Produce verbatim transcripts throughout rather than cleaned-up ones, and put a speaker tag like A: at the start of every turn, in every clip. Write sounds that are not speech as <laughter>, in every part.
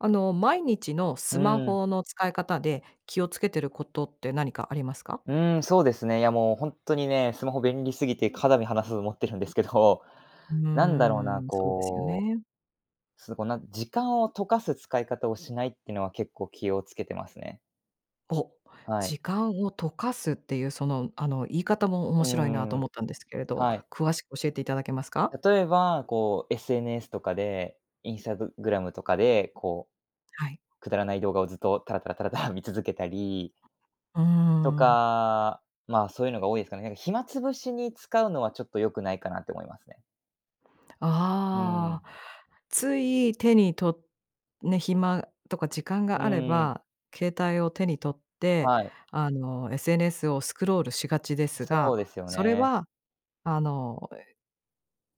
A: あの、毎日の
B: う
A: スマ
B: ん。
A: ホの使い方で、気を付けてることって何かありますか？
B: うーん、そうですね。いやもうほんとにね、スマホ便利すぎてかだみ離さず持ってるんですけど、
A: うー
B: なんだろうな、
A: ん、そうですよ
B: こ
A: ね。
B: う、すこう、なん時間を溶かす使い方をしないってのは結構気をつけてますね。
A: お、
B: はい。
A: 時間を溶かすっていうその、あの、言い方も面
B: うー
A: 白いなと
B: ん、
A: 思ったんですけれど、
B: はい。
A: 詳しく教えて頂けますか？
B: 例えば、こう、SNS とかで、インスタググラムとかで、こ
A: はい。
B: う、くだらない動画をずっとタラタラタラタラ見続けたり
A: うー
B: と
A: ん。
B: か、まあ、そういうのが多いすかね。なんか暇潰しに使うのはちょっと良くないかなって思いますね。うー
A: あ
B: ん。
A: あ。つい手に取ね、暇とか時間
B: う
A: があれ
B: ーん。
A: ば、携帯を手に取って、
B: はい。
A: あの、SNS をスクロールしがちです
B: そ
A: が、
B: うですよ
A: それ
B: ね。
A: は、あの、え、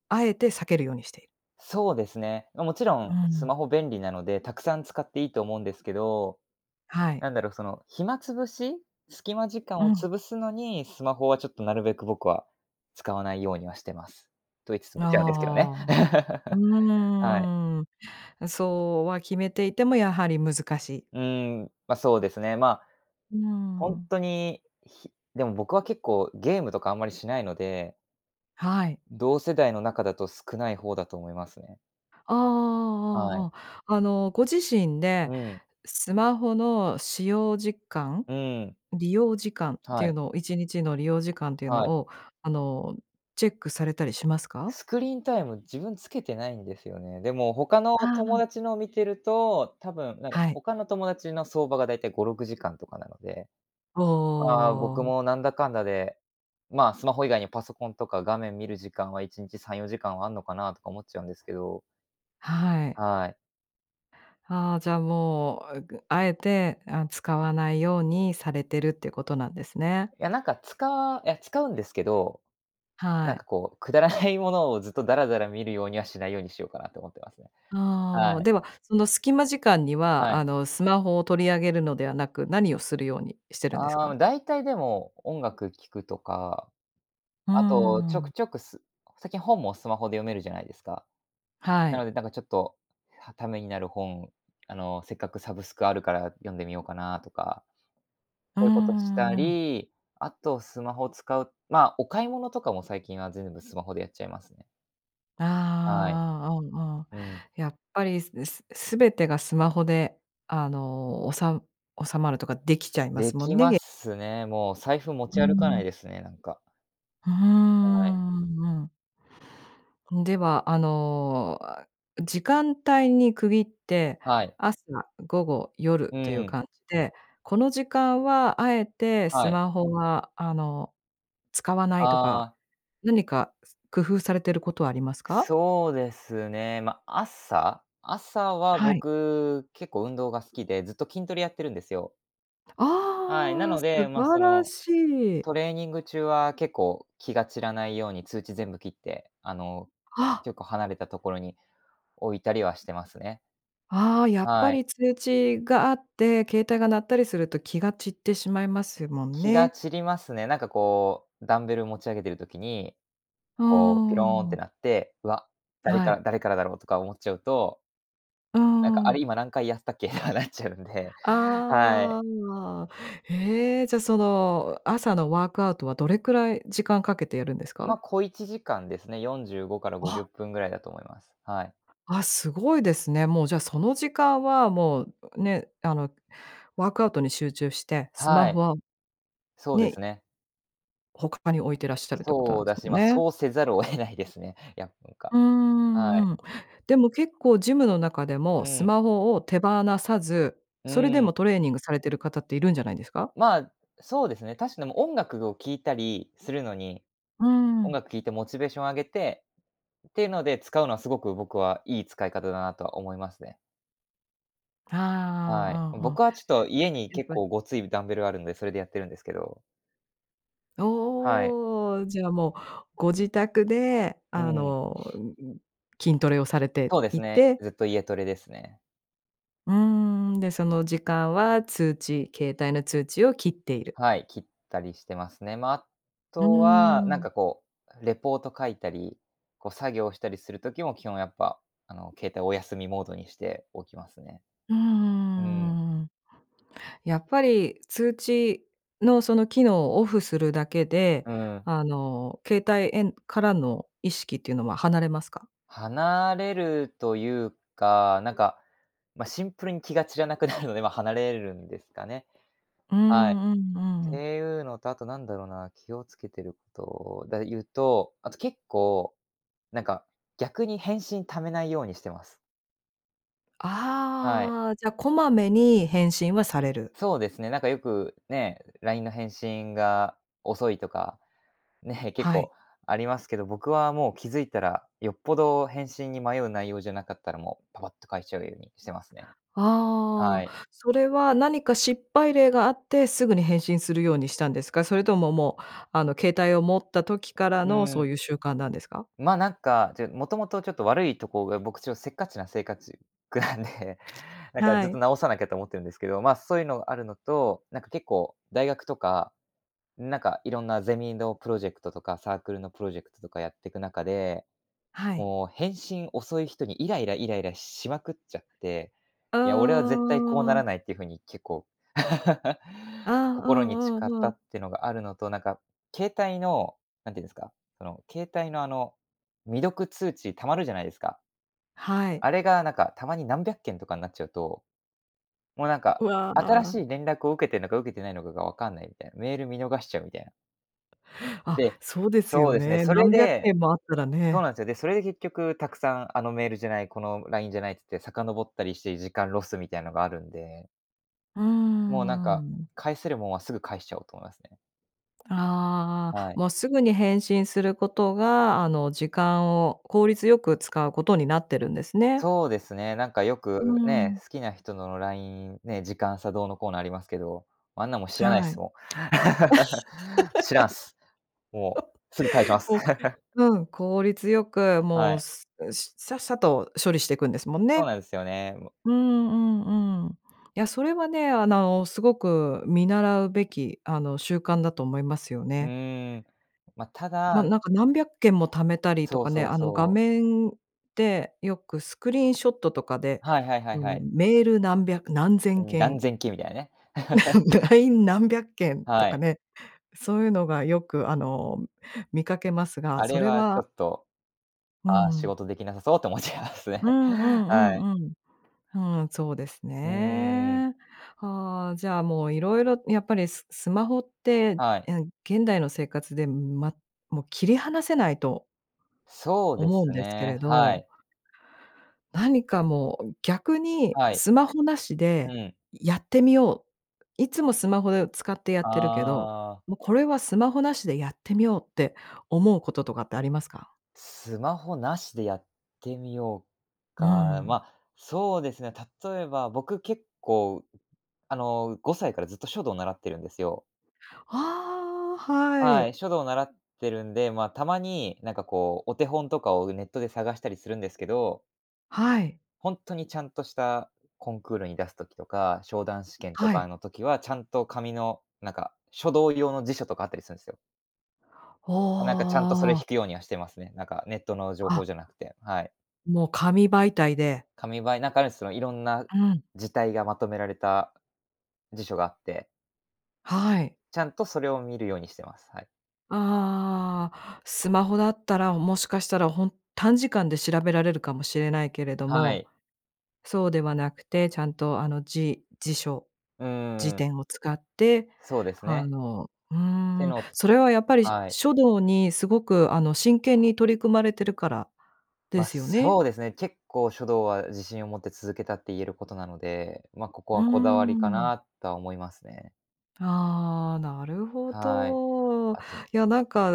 A: あえて避けるようにして。
B: そうですね。ま、もちろ
A: う
B: んス
A: ん。
B: マホ便利なので、たくさん使っていいと思うんですけど、
A: はい。
B: なんだろう、その、暇潰し、隙間時
A: う
B: 間を
A: ん。
B: 潰すのに、スマホはちょっとなるべく僕は使わないようにはしてます。と言いつつ
A: な、
B: 見ちゃうんですけどね。
A: ああ。う
B: <laughs> はい。
A: ーん。あ、そうは決めていても、やはり難しい。
B: うーん、ま、そうですね。ま、
A: うー
B: ほん
A: ん。
B: とに、ひでも僕は結構ゲームとかあんまりしないので。
A: はい。
B: 同世代の中だと少ない方だと思いますね。
A: ああ
B: は
A: ああああ
B: い。
A: ああ。あの、ご自身で、
B: うん。
A: スマホの使用時間、
B: うん。
A: 利用時間って
B: は
A: いう
B: い。
A: のを、いちにちの利用時間っていうの
B: はい。
A: を、あの、チェックされたりしますか？
B: スクリーンタイム、自分つけてないんですよね。でも他の
A: ああ。
B: 友達のを見てると、たぶんなんか
A: はい。
B: 他の友達の相場がだいたいごろくじかんとかなので。
A: お
B: ああ、僕
A: お。
B: もなんだかんだで、まあ、スマホ以外にパソコンとか画面見る時間はいちんちさんよじかんはあんのかなとか思っちゃうんですけど。
A: はい。
B: はい。
A: ああ、じゃあ、もう、あぐ敢えて、あ、使わないようにされてるっていうことなんですね。
B: え、いや、なんかつかいや、使うんですけど、
A: は
B: なん
A: い。
B: かこう、くだらないものをずっとダラダラ見るようにはしないようにしようかなと思ってますね。
A: ああ、
B: はい。
A: では、その隙間時間には、
B: は
A: あ
B: い。
A: の、スマホを取り上げるのではなく、何をするように、してるんです
B: ああ、も
A: か？
B: う大体でも、音楽聴くとか、
A: うー
B: あと、
A: ん、う
B: ちょ
A: ん。
B: くちょくす最近本もスマホで読めるじゃないですか。
A: は
B: なの
A: い。
B: で、なんかちょっと、はためになる本、あの、せっかくサブスクあるから読んでみようかなとか。
A: うん-
B: そういうことし
A: う
B: た
A: んうん。
B: り、あとスマホを使う、まあ、お買い物とかも最近は全部スマホでやっちゃいますね。
A: あ
B: はい。
A: あ、あああ。
B: うん。
A: やっぱりすぬす全てがスマホで、あの、おさう収まるとかできちゃいま
B: で
A: すもん
B: き
A: ね、
B: ま
A: げ
B: すね、もう財布持
A: う
B: ち歩かな
A: ん。
B: いですね、なんか。
A: ふふー
B: はい。
A: ん、うんうん。うん、ではあの、あ、時間帯に区切って、
B: はい。
A: 朝、午後、夜
B: う
A: って
B: ん
A: いう
B: うん。
A: 感じで、この時間は敢えてス
B: はい。
A: マホはあの、使わないとか、
B: ああ。
A: 何か、す工夫されてることはありますか？
B: そうですね、ま、朝朝は
A: はい。
B: 僕、結構運動が好きで、ずっと筋トレやってるんですよ。はい、な
A: ああ、
B: の
A: 素
B: で、まあ、
A: 晴
B: そ
A: ら
B: の、
A: しい。
B: トレーニング中は結構、気が散らないように通知全部切って、あの、
A: あ。
B: 結構離れたところに、置いたりはしてますね。
A: ああ、やっぱ
B: はい。
A: り通知があって、携帯が鳴ったりすると気が散ってしまいますもん
B: 気が
A: ね。
B: 散りますね。なんかこうダンベルを持ち上げてる時に、
A: う
B: こう、ピ
A: ー
B: ローンって
A: ん。
B: なって、うわ、誰
A: は
B: か
A: い。
B: ら誰からだろうとか思っちゃうと。
A: う
B: なんかあれ
A: ん。
B: 今何回やったっけ、あ、なっちゃうんで。はい。
A: ああ。へえ、じゃあ、その朝のワークアウトはどれくらい、時間かけてやるんですか？
B: ま、小いちじかんですね、よんじゅうごからごじゅっ
A: あ。
B: ぷんぐらいだと思います。はい。
A: あ、すごいですね、もうじゃあその時間はもう、ね、あの、ワークアウトに集中して、スマ
B: は
A: ホ
B: い。
A: は、
B: そうで
A: ね。
B: す
A: い
B: ね。
A: 他に置いていらっしゃるっていうことな
B: そ
A: ん
B: う
A: です
B: だし、
A: もん
B: ま、
A: ね。
B: そうせざるを得ないですね、いやなんか、
A: うー
B: は
A: ん、
B: い。
A: うん。でも結構ジムの中でも
B: う
A: ス
B: ん。
A: マホを手放さず、
B: う
A: それで
B: ん。
A: もトレーニングされてる方っているんじゃないですか？
B: ま、そうですね、確かにも音楽を聴いたりするのに。
A: う
B: 音
A: ん。
B: 楽聴いてモチベーション上げてっていうので使うのはすごく僕はいい使い方だなとは思いますね。
A: あ
B: はい、
A: あ、ああ。
B: 僕はちょっと家に
A: やっ
B: 結
A: ぱ。
B: 構ごついダンベルがあるんで、それでやってるんですけど。はい。
A: おお、じゃあもうご自宅で
B: う
A: あ
B: ん。
A: の筋トレをされて
B: そうです
A: い
B: ね、
A: て。
B: ずっと家トレですね。
A: うーん、で、その時間は通知、携帯の通知を切っている。
B: はい、切ったりしてますね。ま、あ
A: うー
B: とは、なん
A: ん。
B: かこう、レポート書いたり、こう作業したりするときも、基本やっぱ、あの、携帯をおやすみモードにしておきますね。
A: うー
B: うん。
A: ん。やっぱり、通知のその機能をオフするだけで、
B: うん。
A: あの、携帯えんからの意識っていうのは離れますか？
B: 離れるというか、なんか、ま、シンプルに気が散らなくなるので、ま。離れるんですかね。
A: う
B: はい。っ
A: んうんうん。
B: ていうのと、あとなんだろうな、気をつけてることで言うと、あと結構、なんか逆に返信溜めないようにしてます。はい。
A: ああ、じゃ、こまめに返信はされる。
B: そうですね、なんかよくね、LINE の返信が遅いとか、ね、結
A: はい。
B: 構ありますけど、僕はもう気づいたら、よっぽど返信に迷う内容じゃなかったら、もうパパッと返しちゃうようにしてますね。は
A: あ
B: い。
A: あ。それは何か失敗例があって、すぐに返信するようにしたんですか？それとも、もう、あの、携帯を持った時から
B: う
A: の、そ
B: ん。
A: ういう習慣なんですか？
B: ま、なんか、ちょもともとちょっと悪いとこが僕ちょっとせっかちなせいかちくなんで、なんか
A: は
B: ずっと
A: い。
B: 直さなきゃと思ってるんですけど。ま、そういうのがあるのと、なんか結構大学とか、なんかいろんなゼミのプロジェクトとか、サークルのプロジェクトとかやってく中で、
A: はい。
B: もう返信遅い人にイライライライラしまくっちゃって。
A: う
B: いや、俺は絶対こうな
A: ー
B: ら
A: ん。
B: ないっていうふうに結構、<laughs>
A: ああ、う
B: 心に誓
A: ん
B: っ
A: うんう
B: た
A: ん。
B: ってのがあるのと、なんか携帯の、なんていうんですか。その携帯のあの、未読通知溜まるじゃないですか？
A: はい。
B: あれがなんかたまに何百件とかんなっちゃうと、もうなん
A: う
B: か、
A: わ
B: 新
A: あ。
B: しい連絡を受けてんのか受けてないのかが分かんないみたいな、メール見逃しちゃうみたいな。
A: あ、
B: で、
A: そうです
B: そ
A: よ
B: うですね。
A: ね。
B: それ
A: 何百
B: で
A: 件もあったら
B: そう
A: ね。
B: なんですよ。で、それで結局たくさん、あのメールじゃない、このラインじゃないって言って、遡ったりして、時間ロスみたいのがあるんで。
A: うー
B: もうなんか、
A: ん。
B: 返せるもんは、すぐ返しちゃおうと思いますね。
A: ああ、
B: はい。
A: もうすぐに返信する事が、あの、時間を効率良く使う事になってるんですね。
B: そうですね。なんかよ
A: うー
B: くね、
A: ん。
B: 好きな人のラインね、時間差どうのこうの、ありますけど、あんなもん、知らないっ
A: はい。
B: すもん。<laughs> 知らんっす。もう、すぐ返しま
A: <laughs>
B: す。
A: こ
B: <chuckles>
A: う、うん、効率よく、
B: は
A: もう、
B: い。
A: すん、さっさと処理していくんですもん
B: そう
A: ね。
B: なんですよね、も。
A: うんうんうん。いや、それはね、あの、凄く見習うべき、あの、習慣だと思いますよ
B: う
A: ね。
B: ーん、ま、た
A: まあ、
B: だ
A: なんか何百件も溜めたりと
B: そう
A: かね、
B: そう
A: あの、画
B: そう。
A: 面で、よくスクリーンショットとかで、
B: はいはいは
A: あ
B: い
A: の
B: はい。
A: メール、何百、何
B: う
A: 千
B: ん、
A: 件
B: 何千件みたいなね。<laughs>
A: <laughs> ライン、何百件と
B: は
A: か
B: い。
A: ね、そう言うのが、よく、あの、見かけますが、
B: あ
A: そ
B: れ
A: れ
B: はちょ
A: は
B: っと、
A: う
B: ああ、仕
A: ん。
B: 事出来なさそうって思っちゃいます
A: う
B: ね。
A: んうん
B: は
A: う
B: い。
A: んうん。うーん、そうです
B: うーん。
A: ね。ああ、じゃあ、もう色々、やっぱりススマホって、
B: はい。
A: えん現代の生活で、ま、もう切り離せないと
B: そうで
A: 思うん
B: す
A: ですけ
B: ね、
A: れ
B: は
A: ど。
B: い。
A: 何かもう、逆に
B: はい。
A: スマホ無し
B: う
A: で
B: ん。
A: やってみよう。いつもスマホで使ってやってるけど、
B: ああ。
A: も、これは、スマホ無しでやってみようって、思う事とかってありますか？
B: スマホ無しでやってみよう
A: う
B: か。
A: ん。
B: ま、そうですね、例えば、僕、結構、あの、ごさいからずっと書道習ってるんですよ。
A: ああ、は
B: はい、
A: い。
B: 書道習ってるんで、まあ、たまになんか、こう、お手本とかをネットで探したりするんですけど。
A: はい。
B: ほんとにちゃんとしたコンクールに出す時とか、昇段試験と
A: は
B: か
A: い。
B: の時は、ちゃんと紙の、なんか、書道用の辞書とかあったりすんすよ。
A: お
B: あ、なんかちゃんとそれ
A: お、ああ。
B: 引くようにはしてますね。なんかネットの情報
A: あ
B: じゃなくて、はい。
A: もう紙媒体で。
B: 紙ばい中の、その色んな
A: うん。
B: 字体がまとめられた辞書があって。
A: はい。
B: ちゃんとそれを見るようにしてます、はい。
A: ああ、スマホだったら、もしかしたらほん短時間で調べられるかもしれないけれど
B: は
A: も、
B: い。
A: そうではなくて、ちゃんとあの、じ辞書
B: うんう
A: 辞
B: んうん。
A: 典を使って、
B: そうです
A: あ
B: ね。
A: の、うー
B: て
A: ん。
B: の
A: それはやっぱり、し
B: はい。
A: 書道に、すごくあの真剣に取り組まれてるから、で
B: ま、
A: すよね？
B: そうですね、結構書道は自信を持って続けたって言えることなので、まあここ
A: うー
B: はこだわりか
A: ん。
B: な、とは思いますね。
A: ああ、なるほ
B: はい。
A: ど。い
B: あと
A: や、なんか、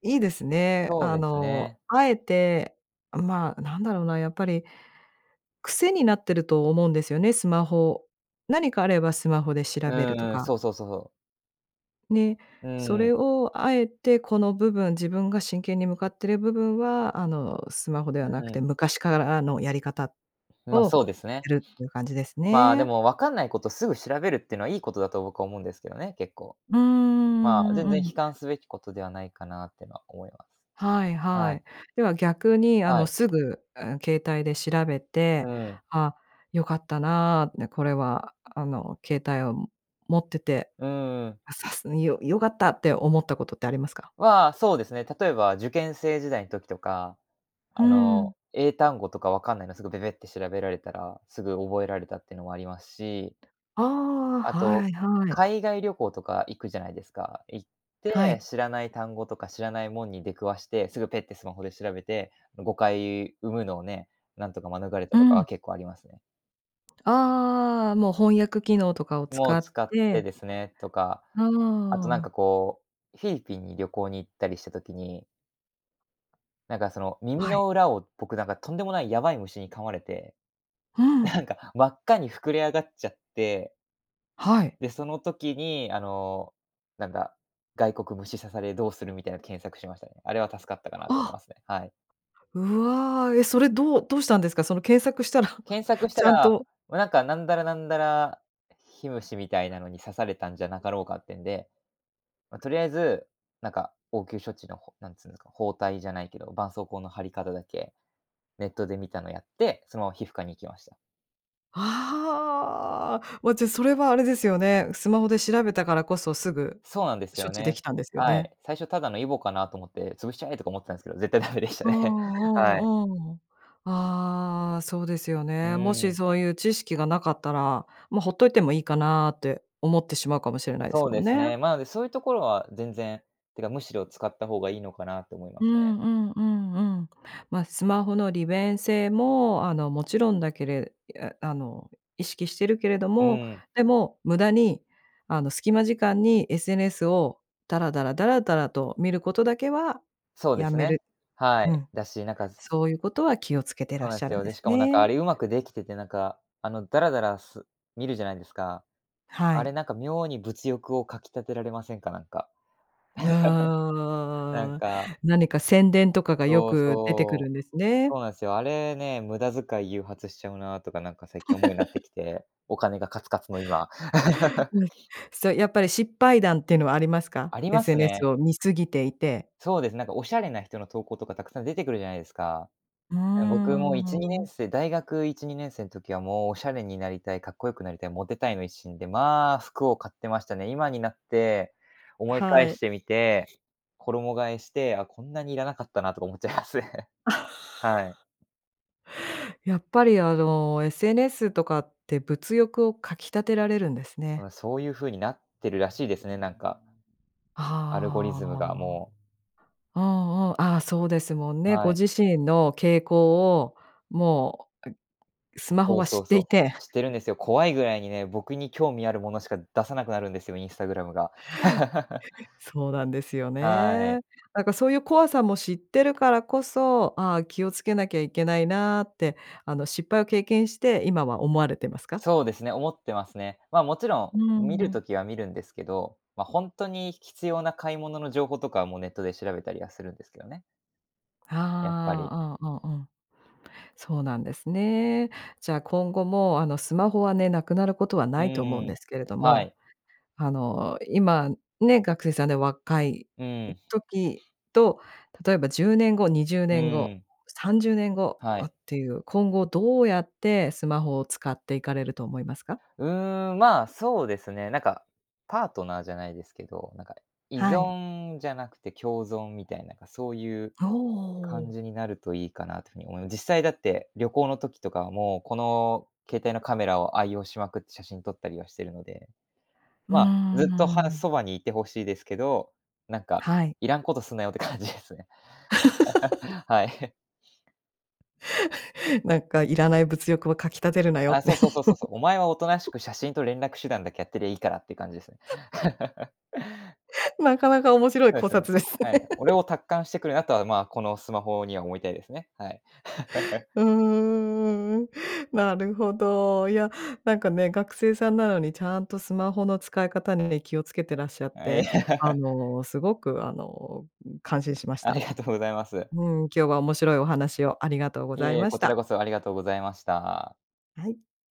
A: 良いですね。
B: そう
A: あ
B: です
A: の、
B: ね。
A: 敢えて、あ、まあなんだろうな。やっぱり癖になってると思うんですよね、スマホ。何かあればスマホで調べると
B: うん、
A: か。
B: そうそうそうそう。
A: ね、
B: う
A: それ
B: ん。
A: を敢えてこの部分、自分が真剣に向かっている部分はあのスマホではな
B: う
A: くて、
B: ん。
A: 昔からのやり方、
B: ま、
A: を
B: そうですね。
A: やるっていう感じです
B: まあ、で
A: ね。
B: もわかんないことすぐ調べるっていうのはいいことだと僕は思うんですけどね、結構。
A: うー
B: まあ、全
A: ん、う
B: 然
A: ん。
B: 悲観すべきことではないかなっていうのは思います。
A: はい
B: は
A: はい。
B: い。
A: では逆にあ
B: は
A: の、
B: い。
A: すぐ、うん、携帯で調べ
B: う
A: て、
B: ん。
A: あ、良かったな、ね、これはあの、携帯を持ってて、
B: ううん。
A: <unintelligible> よ良かったって思ったことってありますか？
B: は、そうですね、例えば受験生時代ん時とか、
A: ふ
B: あ
A: ん。
B: の、英単語とかわかんないのすぐべべって調べられたら、すぐ覚えられたっていうのもありますし。
A: ああ、
B: あ
A: は
B: と、
A: いはい。
B: 海外旅行とか行くじゃないですか。行っ
A: は
B: て、
A: い。
B: 知らない単語とか知らないもんに出くわして、すぐペッってスマホで調べて、誤解生むのをね、なんとか免れ
A: う
B: たとか
A: ん。
B: は結構ありますね。
A: ああ、もう翻訳機能とかを
B: も
A: 使
B: う
A: っ
B: 使っ
A: て。
B: てですね。とか、
A: あ
B: あとなんか
A: あ。
B: こう、フィリピンに旅行に行ったりした時になんかその耳
A: はい。
B: の裏を、僕なんかとんでもないやばい虫に噛まれて。
A: ふん。
B: なんか真っ赤に膨れ上がっちゃって。
A: はい。
B: で、その時にあの、なんだ、「外国虫刺されどうする」みたいの検索しましたね。あれは助かったかなと思い
A: あ。
B: ますね、はい。
A: うわ、え、それどうどうしたんですか？その検索したら <chuckles>
B: 検索した
A: ちゃん
B: ら、
A: と
B: もうなんか、なんだらなんだら火虫みたいなのに刺されたんじゃなかろうかってんで。ま、とりあえず、なんか応急処置のほなんつうんですか、包帯じゃないけど、絆創膏の貼り方だけ、ネットで見たのやって、そのまま皮膚科に行きました。
A: ああ。もう、じゃ、それはあれですよね。スマホで調べたからこそ、すぐ、
B: そうなんです
A: 処
B: よ
A: 置でき
B: ね。
A: たんですよ
B: は
A: ね。
B: い。最初ただのイボかなと思って、潰しちゃえとか思ってたんですけど、絶対ダメでした
A: ああ
B: ね。はい。
A: ああああ。ああ、そうですよ
B: う
A: ね。もし
B: ん。
A: そういう知識が無かったら、もうほっといてもいいかなって思ってしまうかもしれないです
B: そう
A: も
B: で
A: ん
B: す
A: ね。
B: ね、まあ、で、そういうところは全然、ていうか、むしろ使った方がいいのかなって思いま
A: う
B: すね。
A: んうんうんうん。ま、スマホの利便性もあの、もちろんだけれいや、あの、意識してるけれど
B: う
A: も、
B: ん。
A: でも無駄に、あの、隙間時間に SNS を、だらだらだらだらと見ることだけは、
B: そうで
A: 止
B: す
A: め
B: ね。
A: る。
B: は
A: う
B: い、
A: ん。
B: だし、なんか
A: そういうことは気を付けてら
B: そう
A: っ
B: なん
A: しゃ
B: す
A: るん
B: よ。
A: で
B: で、し
A: す
B: かもなんかあ
A: ね。
B: れうまくできてて、なんか、あのダラダラす見るじゃないですか？
A: は
B: あれ
A: い。
B: なんか妙に物欲を掻き立てられませんか？なんか。<laughs> なん
A: あ
B: か
A: あ、何か宣伝とかがよ
B: そう
A: く出てくる
B: そ
A: ん
B: う。
A: ですね。
B: そうなんすよ。あれね、無駄遣い誘発しちゃうなとか、なんか最近思うようになって
A: <laughs>
B: きて、お金がカツカツの今。
A: う
B: <laughs>
A: ん。そう、やっぱり失敗談っていうのはありますか
B: あります
A: ？SNS
B: ね。
A: を見過ぎていて。
B: そうですね。なんかおしゃれな人の投稿とかたくさん出てくるじゃないですか？
A: うー
B: え、僕もいちにねん
A: ん。
B: せい大学いちにねんせいん時はもうおしゃれになりたい、かっこよくなりたい、モテたいの一心で、まあ、服を買ってましたね。今になって思い返
A: はい。
B: してみて、衣替えして、あ、こんなにいらなかったなとか思っちゃいますね。はい。
A: <laughs> やっぱり、あの SNS とかって物欲を掻き立てられるんです
B: う
A: ね。
B: ん、そういう風になってるらしいですね、なんか。アルゴリ
A: あ
B: ズム
A: あ。
B: がもう。
A: うんうん。ああ、そうですもんね。ご
B: はい。
A: 自身の傾向を、もう、あスマホ
B: そう
A: は
B: そ
A: 知っ
B: う
A: てい
B: そ
A: て。
B: う。知ってるんですよ。怖いぐらいにね、僕に興味あるものしか出さなくなるんですよ、インスタグラムが。<laughs>
A: そうなんですよ
B: は
A: ね。
B: い。
A: なんかそういう怖さも知ってるからこそ、ああ、気を付けなきゃいけないなって、あの、失敗を経験して、今は思われてますか？
B: そうですね、思ってますね。まあ、もちろ
A: う
B: ん見る
A: ん。
B: ときは見るんですけど、ま、ほんとに必要な買い物の情報とかはもうネットで調べたりはするんですけどね。やっぱり。
A: ああ、うんうんうん。そうなんですね。じゃあ、今後もあの、スマホはね、無くなることは
B: う
A: ないと思うんで
B: ん、
A: すけれど
B: は
A: も、
B: い。
A: あの、今ね、学生さんで若い、
B: う
A: う
B: ん。
A: 時と、例えばじゅうねんご、にじゅう
B: う
A: ねんご、
B: ん。
A: さんじゅうねんご、
B: は
A: を
B: い。
A: っていう、今後どうやってスマホを使っていかれると思いますか？
B: うーん、ま、そうですね、なんか、パートナーじゃないですけど、なんか依
A: はい。
B: 存じゃなくて共存みたいな、ま、そういう
A: あ、お
B: 感
A: お。
B: じになるといいかなってふうに思いま実際だって旅行の時とかはもう、この携帯のカメラを愛用しまくって、写真撮ったりはしてるので。
A: うー
B: まあ、
A: んう
B: ずっと、は、
A: ーん。
B: そばにいてほしいですけど、なんか、
A: はい。
B: いらんことすんなよって感じですね。<laughs> は
A: <laughs>
B: い。
A: <chuckles> なんかいらない物欲を掻き立てるなよっ
B: あ、
A: て。
B: そうそうそうそうそう。お前はおとなしく
A: <chuckles>
B: 写真と連絡手段だけやってりゃいいからって感じですね。
A: <chuckles>
B: <laughs>
A: まかなか面白い
B: そえ
A: 考
B: すよね。
A: 察です
B: はい、
A: ね。<laughs>
B: 俺を達観してくるなとは、ま、このスマホには思いたいですね、はい。<chuckles>
A: うーん、なるほど。いや、なんかね、学生さんなのにちゃんとスマホの使い方に気を付けていらっしゃっ
B: あ、い
A: て、あ
B: や <laughs>
A: の、すごくあの、うん、感心しまし
B: あり
A: た。
B: がとうございます。
A: うん、今日は面白いお話をありがとうご
B: い
A: ざい
B: えいえ、
A: まし
B: こちら
A: た。
B: こそありがとうございました。
A: はい。